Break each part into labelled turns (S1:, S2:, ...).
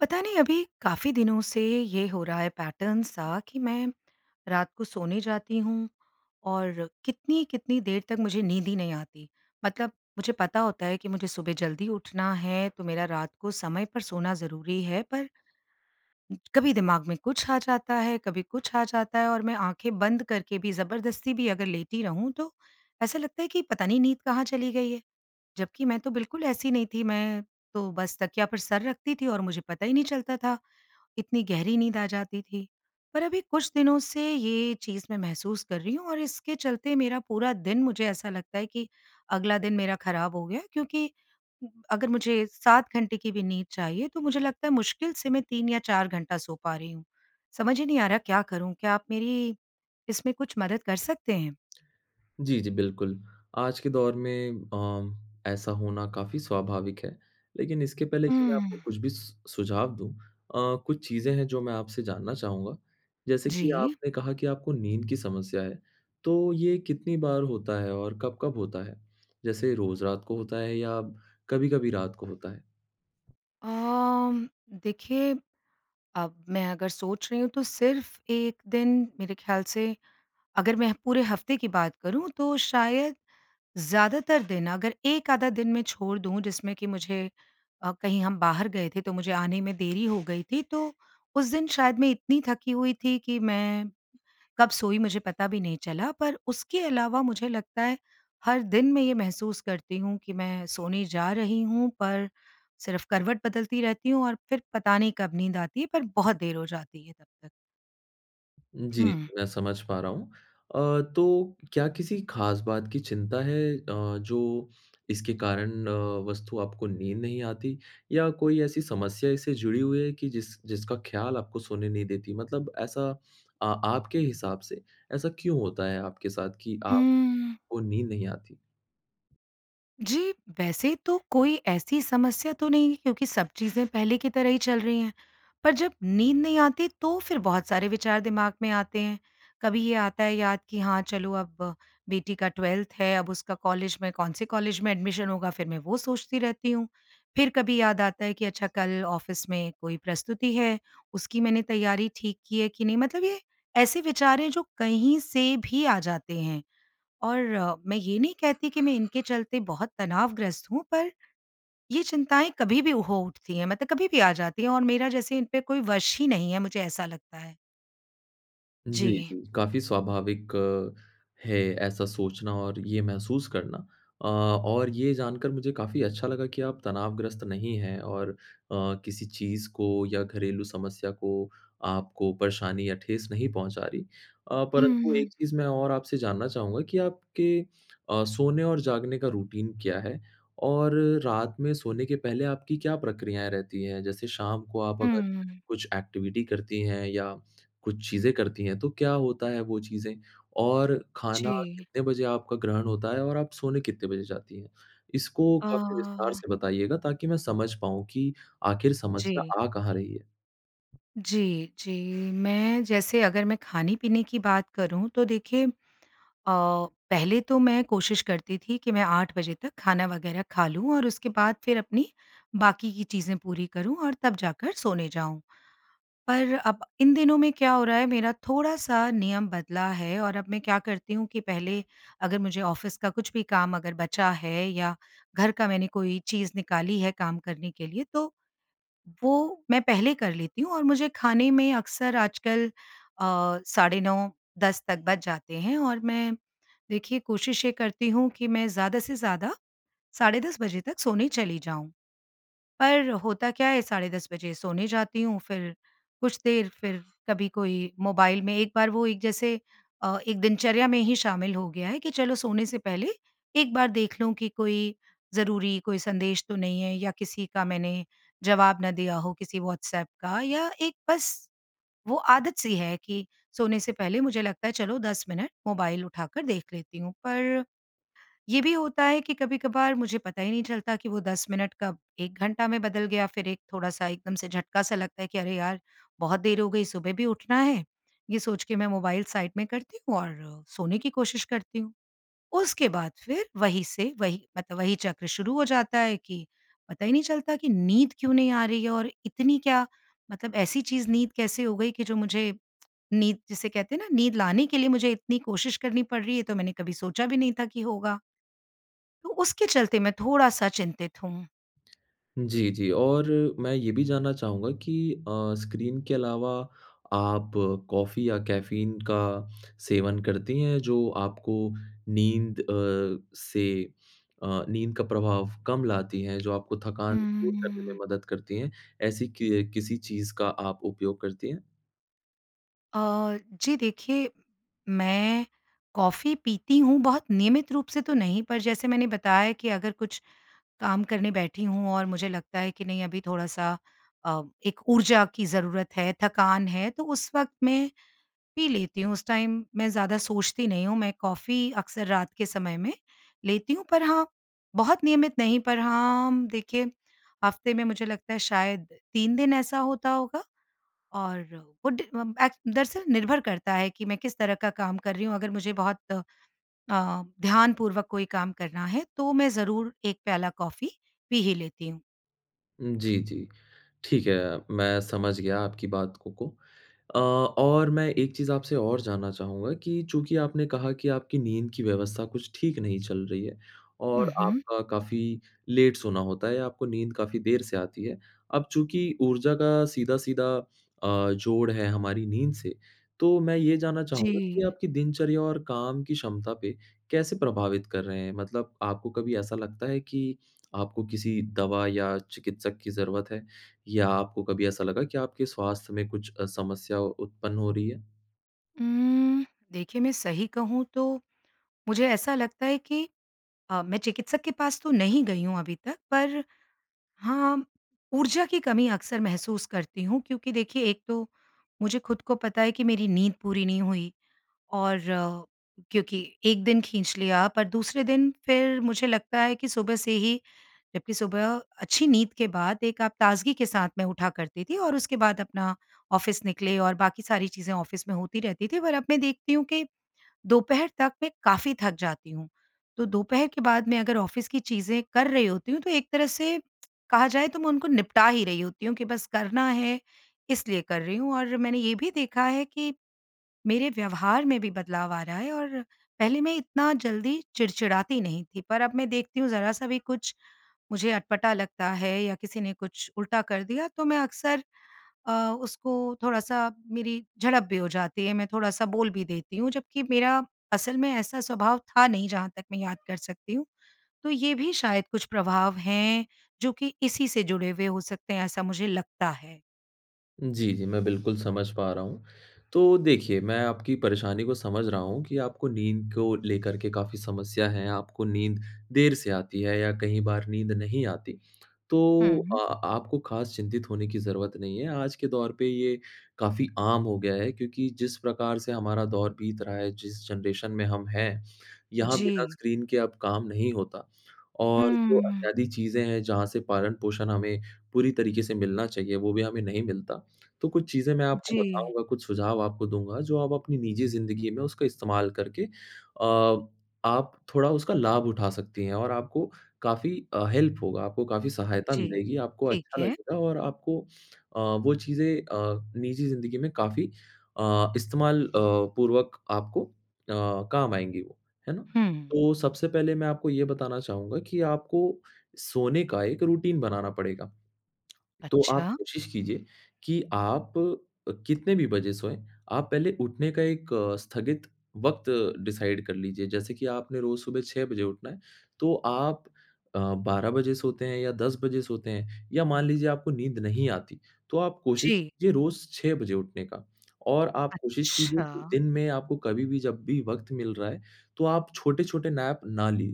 S1: पता नहीं अभी काफ़ी दिनों से ये हो रहा हैं पैटर्न सा कि मैं रात को सोने जाती हूँ और कितनी-कितनी देर तक मुझे नींद ही नहीं आती। मतलब मुझे पता होता है कि मुझे सुबह ज़ल्दी उठना है तो मेरा रात को समय पर सोना ज़रूरी है पर इच कभी दिमाग में कुछ आ जाता है, कभी कुछ आ जाता है और मैं आँखें बंद करके भी ज़बरदस्ती भी अगर लेटी रहूँ तो ऐसा लगता है कि पता नहीं नींद कहाँ चली गई है? जबकि मैं तो बिल्कुल ऐसी नहीं थी। मैं तो बस तकिया पर सर रखती थी और मुझे पता ही नहीं चलता था इतनी गहरी नींद आ जाती थी। पर अभी कुछ दिनों से ये चीज़ मैं महसूस कर रही हूँ और इसके चलते मेरा पूरा दिन मुझे ऐसा लगता है कि अगला दिन मेरा खराब हो गया है। क्योंकि अगर मुझे 7 घंटे की भी नींद चाहिए तो मुझे लगता है मुश्किल से मैं 3 या 4 घंटा सो पा रही हूँ। समझ ही नहीं आ रहा क्या करूँ? क्या आप मेरी इसमें कुछ मदद कर सकतें हैं?
S2: जी, जी, बिल्कुल। आज के दौर में अ, ऐसा होना काफ़ी स्वभाविक है। लेकिन इसके पहले कि मैं
S1: उम
S2: आपको कुछ भी सु सुझाव दूँ। अ, कुछ चीज़ें हैं जो मैं आपसे जानना चाहूँगा। जैसे कि
S1: जी।
S2: आपने कहा कि आपको नींद की समस्या है तो ये कितनी बार होता है? और कब-कब होता है, जैसे रोज़ रात को होता है या कभी-कभी रात को होता है?
S1: अम देखिए, अब मैं अगर सोच रही हूँ तो सिर्फ़ 1 दिन मेरे ख्याल से। अगर मैं पूरे हफ़्ते की बात करूँ तो शायद ज़्यादातर दिन, अगर 1 आधा दिन मैं छोड़ दूँ जिसमें कि मुझे अ, कहीं हम बाहर गए थे तो मुझे आने में देरी हो गई थी, तो उस दिन शायद मैं इतनी थकी हुई थी कि मैं कब सोई, मुझे पता भी नहीं चला। पर उसके अलावा मुझे लगता है, हर दिन मैं ये महसूस करती हूँ कि मैं सोने जा रही हूँ पर सिर्फ़ करवट बदलती रहती हूँ और फिर पता नहीं कब नींद आती है, पर बहुत देर हो जाती है तब तक।
S2: जी,
S1: हुँ।
S2: मैं समझ पा रहा हूँ। अ, तो क्या किसी ख़ास बात की चिंता है अ, जो इसके कारण अ, वस्तु आपको नींद नहीं आती, या कोई ऐसी समस्या इससे जुड़ी हुई है कि जिस जिसका ख़याल आपको सोने नहीं देती? मतलब ऐसा आ आपके हिसाब से ऐसा क्यों होता है आपके साथ कि आपको
S1: उम्म
S2: नींद नहीं आती?
S1: जी, वैसे तो कोई ऐसी समस्या तो नहीं क्योंकि सब चीज़ें पहले की तरह ही चल रही हैं। पर जब नींद नहीं आती, तो फिर बहुत सारे विचार दिमाग़ में आते हैं। कभी ये आता है याद कि हाँ, चलो, अब बेटी का 12th है, अब उसका कॉलेज में कौन से कॉलेज में एडमिशन होगा, फिर मैं वो सोचती रहती हूँ। फिर कभी याद आता है कि अच्छा कल ऑफ़िस में कोई प्रस्तुति है, उसकी मैंने तैयारी ठीक की है कि नहीं, मतलब ये ऐसे विचार हैं जो कहीं से भी आ जाते हैं। और मैं ये नहीं कहती कि मैं इनके चलते बहुत तनावग्रस्त हूँ, पर ये चिंताएँ कभी भी हो उठती हैं, मतलब कभी भी आ जाती हैं और मेरा जैसे इन पे कोई वश ही नहीं है, मुझे ऐसा लगता है।
S2: जी,
S1: जी।
S2: जी, काफ़ी स्वाभाविक है ऐसा सोचना और ये महसूस करना। अ और ये जानकर मुझे काफ़ी अच्छा लगा कि आप तनावग्रस्त नहीं हैं और अ, किसी चीज़ को या घरेलू समस्या को आपको परेशानी या ठेस नहीं पहुँचा रही। अ,
S1: हुँ,
S2: परंतु एक
S1: हुँ।
S2: चीज़ मैं और आपसे जानना चाहूँगा कि आपके अ, सोने और जागने का रूटीन क्या है? और रात में सोने के पहले आपकी क्या प्रक्रियाएँ रहती हैं? जैसे शाम को आप अगर
S1: हम्म।
S2: कुछ एक्टिविटी करती हैं या कुछ चीज़ें करती हैं, तो क्या होता है वो चीज़ें? और खाना
S1: जी।
S2: कितने बजे आपका ग्रहण होता है और आप सोने कितने बजे जाती हैं? इसको काफ़ी विस्तार
S1: अ
S2: से बताइएगा ताकि मैं समझ पाऊँ कि आख़िर
S1: जी।
S2: समस्या आ कहाँ रही है?
S1: जी, जी, मैं जैसे अगर मैं खाने-पीने की बात करूँ तो देखिए अ, पहले तो मैं कोशिश करती थी कि मैं 8 बजे तक खाना वग़ैरह खा लूँ और उसके बाद फ़िर अपनी बाकी की चीज़ें पूरी करूँ और तब जाकर सोने जाऊँ। पर अब इन दिनों में क्या हो रहा है मेरा थोड़ा-सा नियम बदला है और अब मैं क्या करती हूँ कि पहले अगर मुझे ऑफ़िस का कुछ भी काम अगर बचा है, या घर का मैंने कोई चीज़ निकाली है काम करने के लिए तो वो मैं पहले कर लेती हूँ और मुझे खाने में अक्सर आजकल अ, साढ़े 9 10 तक बज जाते हैं। और मैं देखिए कोशिश ये करती हूँ कि मैं ज़्यादा से ज़्यादा साढ़े 10 बजे तक सोने चली जाऊँ। पर होता क्या है साढ़े 10 बजे सोने जाती हूँ फ़िर कुछ देर फ़िर कभी कोई मोबाइल में एक बार वो एक जैसे अ, एक दिनचर्या में ही शामिल हो गया है कि चलो सोने से पहले एक बार देख लूँ कि कोई ज़रूरी कोई संदेश तो नहीं है या किसी का मैंने जवाब ना दिया हो किसी व्हाट्सएप का या एक बस वो आदत-सी है कि सोने से पहले मुझे लगता है चलो 10 मिनट मोबाइल उठाकर देख लेती हूँ। पर ये भी होता है कि कभी-कभार मुझे पता ही नहीं चलता कि वो 10 मिनट कब 1 घंटा में बदल गया, फ़िर एक थोड़ा-सा एकदम से झटका-सा लगता है कि अरे यार! बहुत देर हो गई सुबह भी उठना है, ये सोच के मैं मोबाइल साइड में करती हूँ और सोने की कोशिश करती हूँ। उसके बाद फ़िर वही से वही मतलब वही चक्र शुरू हो जाता है कि पता ही नहीं चलता कि नींद क्यों नहीं आ रही है और इतनी क्या मतलब ऐसी चीज़ नींद कैसे हो गई कि जो मुझे नींद जिसे कहते हैं न नींद लाने के लिए मुझे इतनी कोशिश करनी पड़ रही है, तो मैंने कभी सोचा भी नहीं था कि होगा। तो उसके चलते मैं थोड़ा-सा चिंतित हूँ।
S2: जी, जी, और मैं ये भी जानना चाहूँगा कि अ, स्क्रीन के अलावा आप कॉफ़ी या कैफ़ीन का सेवन करती हैं जो आपको नींद अ, से अ, नींद का प्रभाव कम लाती हैं जो आपको थकान दूर करने में
S1: हम्म।
S2: मदद करती हैं? ऐसी कि अ, किसी चीज़ का आप उपयोग करती हैं?
S1: अ, जी देखिए, मैं कॉफ़ी पीती हूँ बहुत नियमित रूप से तो नहीं पर जैसे मैंने बताया कि अगर कुछ काम करने बैठी हूँ और मुझे लगता है कि नहीं अभी थोड़ा-सा अ, एक ऊर्जा की ज़रूरत है थकान है, तो उस वक़्त मैं पी लेती हूँ। उस टाइम मैं ज़्यादा सोचती नहीं हूँ। मैं कॉफी अक्सर रात के समय में लेती हूँ पर हाँ, बहुत नियमित नहीं पर हाँ, देखिए हफ़्ते में मुझे लगता है शायद 3 दिन ऐसा होता होगा। और वो ड़ ऐ दरअसल निर्भर करता है कि मैं किस तरह का काम कर रही हूँ। अगर मुझे बहुत अ, ध्यानपूर्वक कोई काम करना है तो मैं ज़रूर 1 प्याला कॉफ़ी, पी ही लेती हूँ।
S2: जी, जी। ठीक है, मैं समझ गया आपकी बात को को। अ, और मैं एक चीज़ आपसे और जानना चाहूँगा कि चूँकि आपने कहा कि आपकी नींद की व्यवस्था कुछ ठीक नहीं चल रही है,
S1: हुँ,
S2: और
S1: हुँ।
S2: आपका काफ़ी लेट सोना होता है, आपको नींद काफ़ी देर से आती है। अब चूँकि ऊर्जा का सीधा-सीधा अ, जोड़ है हमारी नींद से, तो मैं ये जानना चाहूँगा कि
S1: जी।
S2: आपकी दिनचर्या और काम की क्षमता पे कैसे प्रभावित कर रहे हैं? मतलब आपको कभी ऐसा लगता है कि आपको किसी दवा या चिकित्सक की ज़रूरत है? या आपको कभी ऐसा लगा कि आपके स्वास्थ्य में कुछ अ, समस्या उत्पन्न हो रही है?
S1: उम्म, देखिए मैं सही कहूँ तो मुझे ऐसा लगता है कि अ, मैं चिकित्सक के पास तो नहीं गई हूँ अभी तक पर हाँ, ऊर्जा की कमी अक्सर महसूस करती हूँ, क्योंकि देखिए एक तो मुझे खुद को पता है कि मेरी नींद पूरी नहीं हुई और क्योंकि एक दिन खींच लिया पर दूसरे दिन फिर मुझे लगता है कि सुबह से ही जबकि सुबह अच्छी नींद के बाद एक आप ताज़गी के साथ में उठा करती थीं और उसके बाद अपना ऑफिस निकले और बाकी सारी चीजें ऑफिस में होती रहती थी पर अब मैं देखती हूँ कि, दोपहर तक मैं काफ़ी थक जाती हूँ। तो दोपहर के बाद मैं अगर ऑफिस की चीज़ें कर रही होती हूँ, तो एक तरह से कहा जाए तो मैं उनको निपटा ही रही होती हूँ, कि बस करना है इसलिए कर रही हूँ और मैंने ये भी देखा है कि, मेरे व्यवहार में भी बदलाव आ रहा है और पहले मैं इतना जल्दी चिड़चिड़ाती नहीं थी, पर अब मैं देखती हूँ ज़रा-सा भी कुछ मुझे अटपटा लगता है या किसी ने कुछ उल्टा कर दिया तो मैं अक्सर अ, उसको थोड़ा-सा मेरी झड़प भी हो जाती है, मैं थोड़ा-सा बोल भी देती हूँ, जबकि मेरा असल में ऐसा स्वभाव था नहीं जहाँ तक मैं याद कर सकती हूँ। तो ये भी शायद कुछ प्रभाव हैं जो कि इसी से जुड़े हुए हो सकते हैं, ऐसा मुझे लगता है।
S2: जी, जी। मैं बिल्कुल समझ पा रहा हूँ। तो देखिए मैं आपकी परेशानी को समझ रहा हूँ कि आपको नींद को लेकर के काफ़ी समस्या है आपको नींद देर से आती है या कई बार नींद नहीं आती तो
S1: हुँ।
S2: अ, आपको ख़ास चिंतित होने की ज़रूरत नहीं है। आज के दौर पे ये काफ़ी आम हो गया है क्योंकि जिस प्रकार से हमारा दौर बीत रहा है जिस जनरेशन में हम हैं यहाँ बिना
S1: जी।
S2: स्क्रीन के अब काम नहीं होता। और जो
S1: हुँ।
S2: अत्यादि चीज़ें हैं जहाँ से पालन-पोषण हमें पूरी तरीके से मिलना चाहिए, वो भी हमें नहीं मिलता। तो कुछ चीज़ें मैं आपको
S1: जी।
S2: बताऊँगा, कुछ सुझाव आपको दूँगा जो आप अपनी निजी ज़िंदगी में उसका इस्तेमाल करके अ, आप थोड़ा उसका लाभ उठा सकती हैं। और आपको काफ़ी अ, हेल्प होगा, आपको काफ़ी सहायता
S1: जी।
S2: मिलेगी, आपको
S1: ठीक
S2: अच्छा
S1: है।
S2: लगेगा और आपको अ, वो चीज़ें अ, निजी ज़िंदगी में काफ़ी अ, इस्तेमाल अ, पूर्वक आपको अ, काम आएँगी वो, है ना?
S1: हुँ।
S2: तो सबसे पहले मैं आपको ये बताना चाहूँगा कि आपको सोने का 1 रूटीन बनाना पड़ेगा। तो आप
S1: अच्छा।
S2: कोशिश कीजिए कि आप अ, कितने भी बजे सोएँ, आप पहले उठने का 1 अ, स्थगित वक़्त डिसाइड कर लीजिए, जैसे कि आपने रोज सुबह 6 बजे उठना है, तो आप अ, 12 बजे सोते हैं या 10 बजे सोते हैं, या मान लीजिए आपको नींद नहीं आती, तो आप कोशिश
S1: जी।
S2: कीजिए रोज 6 बजे उठने का, और आप कोशिश कीजिए कि
S1: अच्छा।
S2: दिन में आपको कभी-भी जब भी वक़्त मिल रहा है, तो आप छोटे-छोटे नैप ना ली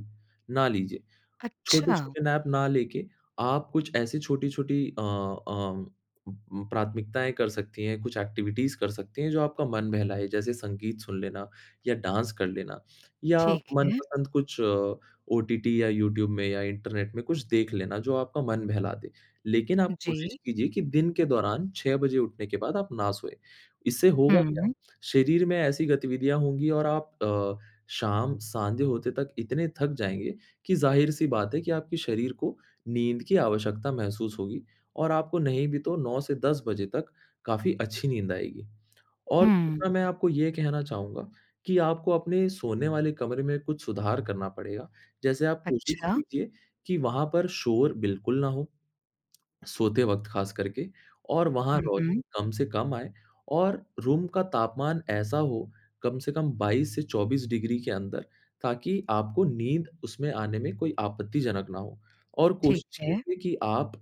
S2: ना लीजिए।
S1: अच्छा।
S2: छोटे-छोटे नैप ना लेके आप कुछ ऐसी छोटी-छोटी अ अ, उम, प्राथमिकताएँ कर सकती हैं, कुछ एक्टिविटीज़ कर सकती हैं, जो आपका मन बहलाए, जैसे संगीत सुन लेना या डांस कर लेना, या
S1: ठीक है।
S2: मनपसंद कुछ ओटीटी या यूट्यूब में या इंटरनेट में कुछ देख लेना जो आपका मन बहला दे, लेकिन आप कोशिश
S1: जी।
S2: कीजिए कि दिन के दौरान 6 बजे उठने के बाद आप न सोएँ। इससे होगा क्या?
S1: हूँ।
S2: शरीर में ऐसी गतिविधियाँ होंगी और आप अ, शाम संध्या होते तक इतने थक जाएँगे कि जाहिर-सी बात है कि आपके शरीर को नींद की आवश्यकता महसूस होगी, और आपको नहीं भी तो 9 से 10 बजे तक काफ़ी अच्छी नींद आएगी। और
S1: हुँ।
S2: दूसरा मैं आपको ये कहना चाहूँगा कि आपको अपने सोने वाले कमरे में कुछ सुधार करना पड़ेगा, जैसे आप कोशिश
S1: अच्छा।
S2: कीजिए कि वहाँ पर शोर बिल्कुल ना हो। सोते वक़्त ख़ास करके और वहाँ
S1: हुँ, हुँ।
S2: रौशनी कम से कम आए, और रूम का तापमान ऐसा हो, कम से कम 22 से 24 डिग्री के अंदर, ताकि आपको नींद उसमें आने में कोई आपत्तिजनक ना हो। और
S1: ठीक
S2: कोशिश
S1: है।
S2: कीजिए कि आप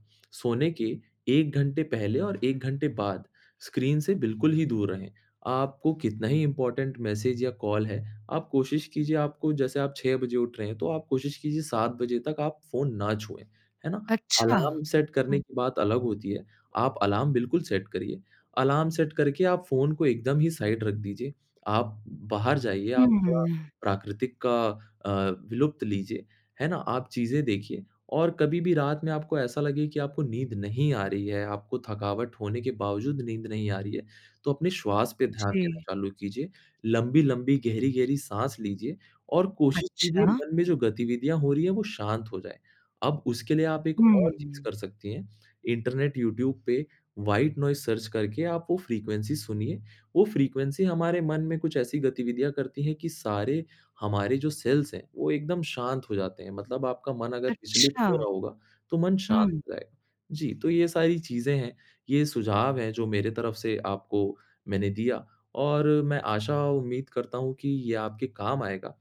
S2: सोने के 1 घंटे पहले और 1 घंटे बाद स्क्रीन से बिल्कुल ही दूर रहें। आपको कितना ही इम्पोर्टेंट मैसेज या कॉल है, आप कोशिश कीजिए आपको जैसे आप 6 बजे उठ रहे हैं, तो आप कोशिश कीजिए 7 बजे तक आप फ़ोन ना छुएँ। है ना?
S1: अच्छा।
S2: अलार्म सेट करने
S1: हुँ।
S2: की बात अलग होती है। आप अलार्म बिल्कुल सेट करिए। अलार्म सेट करके आप फ़ोन को एकदम ही साइड रख दीजिए। आप बाहर जाइए, आप थोड़ा
S1: हम्म।
S2: प्राकृतिक का अ, विलुप्त लीजिए। है ना? आप चीज़ें देखिए, और कभी-भी रात में आपको ऐसा लगे कि आपको नींद नहीं आ रही है, आपको थकावट होने के बावजूद नींद नहीं आ रही है, तो अपने श्वास पर ध्यान देना
S1: जी।
S2: चालू कीजिए। लम्बी-लम्बी गहरी-गहरी साँस लीजिए, और कोशिश कीजिए
S1: अच्छा।
S2: मन में जो गतिविधियाँ हो रही हैं, वो शांत हो जाएँ। अब उसके लिए आप 1 और चीज़
S1: हुँ।
S2: कर सकती हैं। है। इंटरनेट यूट्यूब पे व्हाइट नोइज़ सर्च करके आप वो फ़्रीक्वेंसी सुनिए, वो फ़्रीक्वेंसी हमारे मन में कुछ ऐसी गतिविधियाँ करती है कि सारे हमारे जो सेल्स हैं, वो एकदम शांत हो जाते हैं। मतलब आपका मन अगर विचलित
S1: अच्छा।
S2: हो रहा होगा, तो मन शांत
S1: हुँ।
S2: हो जाएगा। जी, तो ये सारी चीज़ें हैं, ये सुझाव है जो मेरे तरफ़ से आपको मैंने दिया, और मैं आशा और उम्मीद करता हूँ कि ये आपके काम आएगा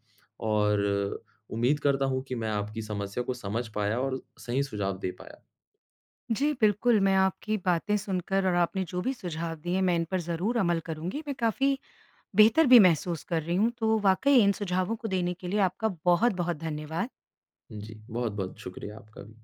S2: और उम्मीद करता हूँ कि मैं आपकी समस्या को समझ पाया और सही सुझाव दे पाया।
S1: जी, बिल्कुल मैं आपकी बातें सुनकर और आपने जो भी सुझाव दिए मैं इन पर ज़रूर अमल करूँगी। मैं काफ़ी बेहतर भी महसूस कर रही हूँ तो वाक़ई इन सुझावों को देने के लिए आपका बहुत-बहुत धन्यवाद।
S2: जी। बहुत-बहुत शुक्रिया आपका भी।